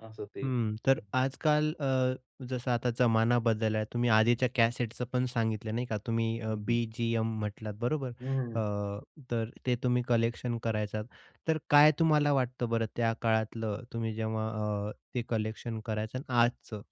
असं ते हं, हं. तर आजकाल अ, जसं आता जमाना बदलला आहे, तुम्ही आधीच्या कॅसेटचं पण सांगितलं, नाही का, तुम्ही अ, हं, हं, हं. बी-जी-एम म्हटलात, बरोबर. हं. अ, तर ते तुम्ही कलेक्शन करायचं तर काय तुम्हाला वाटतं बरं, त्या काळातलं तुम्ही जेव्हा अ, ते कलेक्शन करायचं आणि आजचं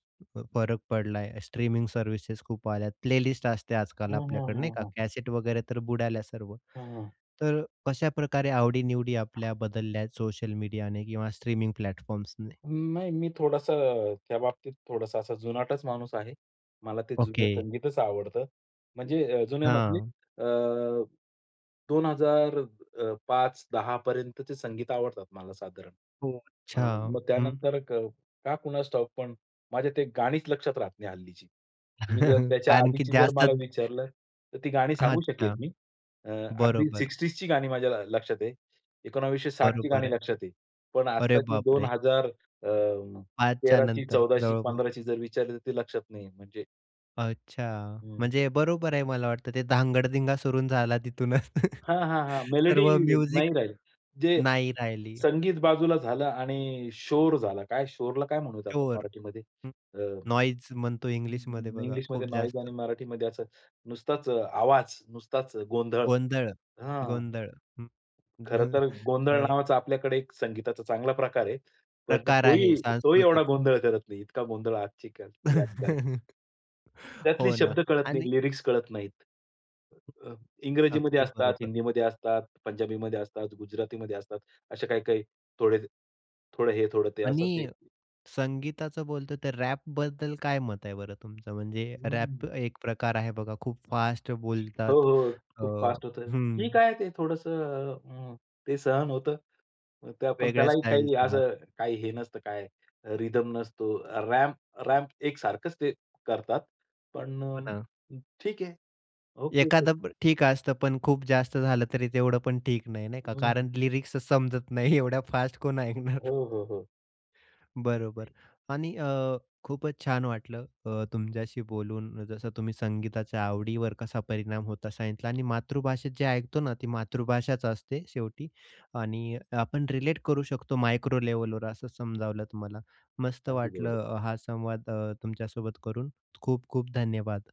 फरक पडलाय, स्ट्रीमिंग सर्व्हिसेस खूप आल्या, प्लेलिस्ट असते आजकाल हं, हं, आपल्याकडे, नाही हं, का. हं. कॅसेट वगैरे तर बुडाल्या सर्व, हं, हं. तर कशाप्रकारे आवडीनिवडी आपल्या बदलल्या आहेत सोशल मीडियाने किंवा स्ट्रीमिंग प्लॅटफॉर्म्सने? नाही मी थोडंसं अ, त्या बाबतीत थोडासा असा जुनाटच माणूस आहे. मला ते जुने ओके. संगीतच आवडतं. म्हणजे अ, जुने म्हणजे हां. अ, 2000 अ, 5-10 पर्यंतचे संगीत आवडतात मला साधारण. हो, अ, अच्छा, मग हं. त्यानंतर अ, का कुणास ठाऊक, पण माझ्या ती गाणीच लक्षात राहत नाही हल्लीची. तुम्ही जर त्याच्या कारण की आधीची जर जास्त. मला विचारलं, तर ती गाणी सांगू अच्छा. शकेल मी. अ, अगदी बरोबर. 60sची गाणी माझ्या लक्षात आहे. 1960ची बरोबर गाणी आहे. लक्षात आहे. पण अरे आत्ताची दोन बापरे! हजार. अ, आजच्या तेराची, नंतर चौदाची, जवळ पंधराची जर विचारली तर ती लक्षात नाहीये. म्हणजे अच्छा, हं. म्हणजे बरोबर आहे मला वाटतं ते धांगडधिंगा सुरू झाला तिथूनच. हां, हां, हां. मेलडी सर्व नाही म्युझिक राहिली. जे नाही राहिली. संगीत बाजूला झालं आणि शोर झाला. काय, शोरला काय म्हणू आपण [unintelligible] मराठीमध्ये हं, अ, नॉईस म्हणतो इंग्लिशमध्ये बघा इंग्लिशमध्ये खूप नॉईज जास्त. आणि मराठीमध्ये असं नुसताच आवाज, नुसताच गोंधळ. गोंधळ, हां. गोंधळ हं, खरं तर गोंधळ अ, नावाचा आपल्याकडे एक संगीताचा चांगला प्रकार आहे. पण प्रकार आहे तोही, तोही एवढा सांस्कृतिक. गोंधळ करत नाही. इतका गोंधळ आजची ती गाणी करतात. त्यातली हो ना शब्द कळत नाहीत, आणि लिरिक्स कळत नाहीत. अ, इंग्रजीमध्ये अगदी असतात, बरोबर. हिंदीमध्ये असतात, पंजाबीमध्ये असतात, गुजरातीमध्ये असतात. असे काही-काही थोडे, थोडं हे थोडं ते असं ते. आणि संगीताचं बोलतो तर रॅपबद्दल काय मत आहे बरं तुमचं? म्हणजे रॅप हं. एक प्रकार आहे बघा खूप फास्ट हो, बोलतात. हो. अ, खूप फास्ट होतं. हं. ठीक आहे ते थोडंसं अ, अ, ते सहन होतं. ते आपण वेगळ्या त्यालाही स्टाईलच काही राहत असं ते. काही हे नसतं काय रिदम नसतो. रॅम्प रॅम्प एक सारखंच ते करतात. पण हो ना. अ, ठीक आहे ओके ते एखादं ठीक असतं, पण खूप जास्त झालं तरी तेवढं पण ठीक नाही नाही का. हं, कारण हं. लिरिक्स समजत नाही, एवढ्या फास्ट कोण ऐकणार? हो, हो, हो. बरोबर आणि अ, खूपच छान वाटलं अ, तुमच्याशी बोलून, जसं तुम्ही संगीताच्या आवडीवर कसा परिणाम होतो सांगितला आणि मातृभाषेत जे ऐकतो ना, ती मातृभाषाच असते शेवटी आणि आपण रिलेट करू शकतो मायक्रो लेव्हलवर असं समजावलं तुम्हाला, मस्त अगदी बरोबर. वाटलं अ, हा संवाद अ, तुमच्यासोबत करून, खूप खूप धन्यवाद.